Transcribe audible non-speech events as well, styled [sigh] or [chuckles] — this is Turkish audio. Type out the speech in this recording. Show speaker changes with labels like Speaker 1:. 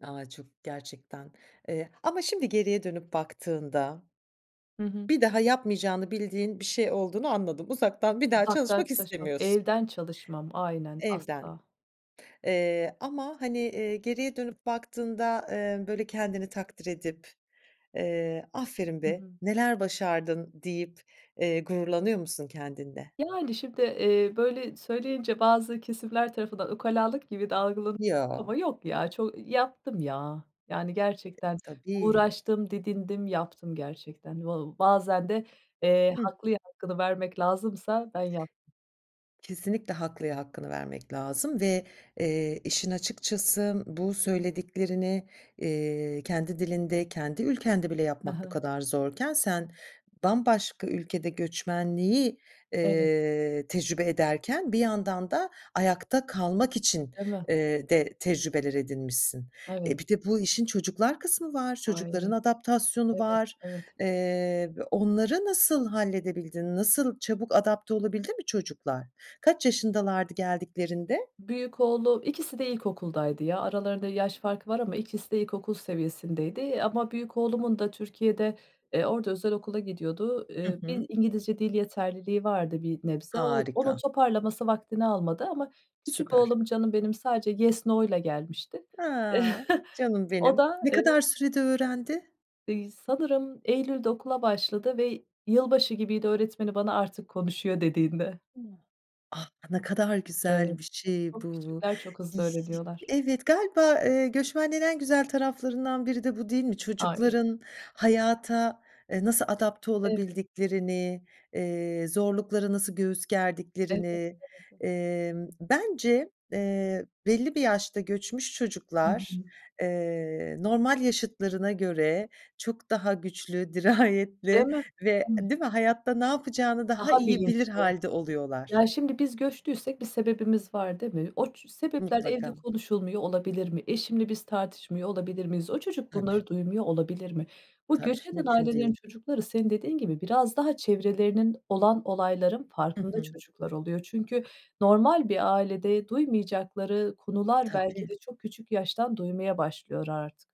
Speaker 1: A, çok, gerçekten, eee, ama şimdi geriye dönüp baktığında
Speaker 2: Hı hı.
Speaker 1: bir daha yapmayacağını bildiğin bir şey olduğunu anladım. Uzaktan bir daha
Speaker 2: Uzaktan
Speaker 1: çalışmak
Speaker 2: çalışmam,
Speaker 1: istemiyorsun.
Speaker 2: evden çalışmam. Aynen,
Speaker 1: Evden.
Speaker 2: asla.
Speaker 1: Eee, ama hani, eee, geriye dönüp baktığında, eee, böyle kendini takdir edip, eee, "Aferin
Speaker 2: Hı
Speaker 1: be,
Speaker 2: hı.
Speaker 1: neler başardın." deyip, eee, gururlanıyor musun kendinle?
Speaker 2: Yani, şimdi, eee, böyle söyleyince bazı kesimler tarafından ukalalık gibi de algılanıyor
Speaker 1: Yo.
Speaker 2: ama yok ya. Ço ııı, yaptım, ya. Yani, gerçekten
Speaker 1: Tabii.
Speaker 2: uğraştım, didindim, yaptım. Gerçekten va ııı, bazen de, eee,
Speaker 1: Hı hı.
Speaker 2: haklıya hakkını vermek lazımsa ben yaptım.
Speaker 1: Kesinlikle, haklıya hakkını vermek lazım ve, eee, işin açıkçası bu söylediklerini, eee, kendi dilinde, kendi ülkende bile
Speaker 2: Hı
Speaker 1: yapmak bu
Speaker 2: hı.
Speaker 1: kadar zorken, sen bambaşka ülkede göçmenliği,
Speaker 2: Evet.
Speaker 1: eee, tecrübe ederken bir yandan da ayakta kalmak için
Speaker 2: Değil mi?
Speaker 1: eee, de tecrübeler edinmişsin. E,
Speaker 2: Evet.
Speaker 1: bir de bu işin çocuklar kısmı var. Çocukların
Speaker 2: Ay,
Speaker 1: adaptasyonu
Speaker 2: Evet,
Speaker 1: var.
Speaker 2: evet.
Speaker 1: Eee, b onları nasıl halledebildin? Nasıl, çabuk adapte olabildi mi çocuklar? Kaç yaşındalardı geldiklerinde?
Speaker 2: Büyük oğlum, ikisi de ilkokuldaydı ya. Aralarında yaş farkı var ama ikisi de ilkokul seviyesindeydi. Ama büyük oğlumun da Türkiye'de, eee, orada özel okula gidiyordu.
Speaker 1: Hı
Speaker 2: Eee,
Speaker 1: hı.
Speaker 2: bir İngilizce dil yeterliliği vardı bir nebze. O onun
Speaker 1: Harika.
Speaker 2: toparlaması vaktini almadı ama küçük
Speaker 1: Süper.
Speaker 2: oğlum, canım benim, sadece yes, no'yla gelmişti.
Speaker 1: A!
Speaker 2: [chuckles]
Speaker 1: Canım
Speaker 2: O
Speaker 1: benim.
Speaker 2: da,
Speaker 1: Ne
Speaker 2: eee
Speaker 1: kadar sürede öğrendi?
Speaker 2: İii, sanırım Eylül'de okula başladı ve yılbaşı gibiydi, öğretmeni bana artık konuşuyor dediğinde.
Speaker 1: Ah, ne kadar güzel
Speaker 2: Evet,
Speaker 1: bir şey
Speaker 2: çok
Speaker 1: bu.
Speaker 2: küçükler çok
Speaker 1: Yi
Speaker 2: hızlı
Speaker 1: ş
Speaker 2: öğreniyorlar.
Speaker 1: Evet, galiba, eee, göçmenliğin en güzel taraflarından biri de bu, değil mi?
Speaker 2: Ay.
Speaker 1: Çocukların hayata, e, nasıl adapte
Speaker 2: Evet.
Speaker 1: olabildiklerini, eee, zorluklara nasıl göğüs
Speaker 2: Elbette
Speaker 1: gerdiklerini,
Speaker 2: [unintelligible]
Speaker 1: emm, bence, eee, belli bir yaşta göçmüş
Speaker 2: Hı
Speaker 1: çocuklar,
Speaker 2: hı.
Speaker 1: eee, normal yaşıtlarına göre çok daha güçlü,
Speaker 2: Değil
Speaker 1: dirayetli
Speaker 2: mi,
Speaker 1: ve
Speaker 2: değil mi?
Speaker 1: değil mi, hayatta ne yapacağını daha
Speaker 2: Daha
Speaker 1: iyi bilir
Speaker 2: bilinçli.
Speaker 1: hâlde oluyorlar.
Speaker 2: Ya, şimdi biz göçtüysek bir sebebimiz var, değil mi? O ç sebepler evde
Speaker 1: Mutlaka.
Speaker 2: konuşulmuyor olabilir mi? Eşimle biz tartışmıyor olabilir miyiz? O çocuk
Speaker 1: Tabii.
Speaker 2: bunları duymuyor olabilir mi? Bu
Speaker 1: Tabii,
Speaker 2: göç eden
Speaker 1: mümkün
Speaker 2: ailelerin
Speaker 1: değil.
Speaker 2: çocukları, senin dediğin gibi, biraz daha çevrelerinin, olan olayların
Speaker 1: Hı
Speaker 2: farkında
Speaker 1: hı.
Speaker 2: çocuklar oluyor. Çünkü normal bir ailede duymayacakları konuları belki
Speaker 1: Tabii.
Speaker 2: de çok küçük yaştan duymaya başlıyor artık.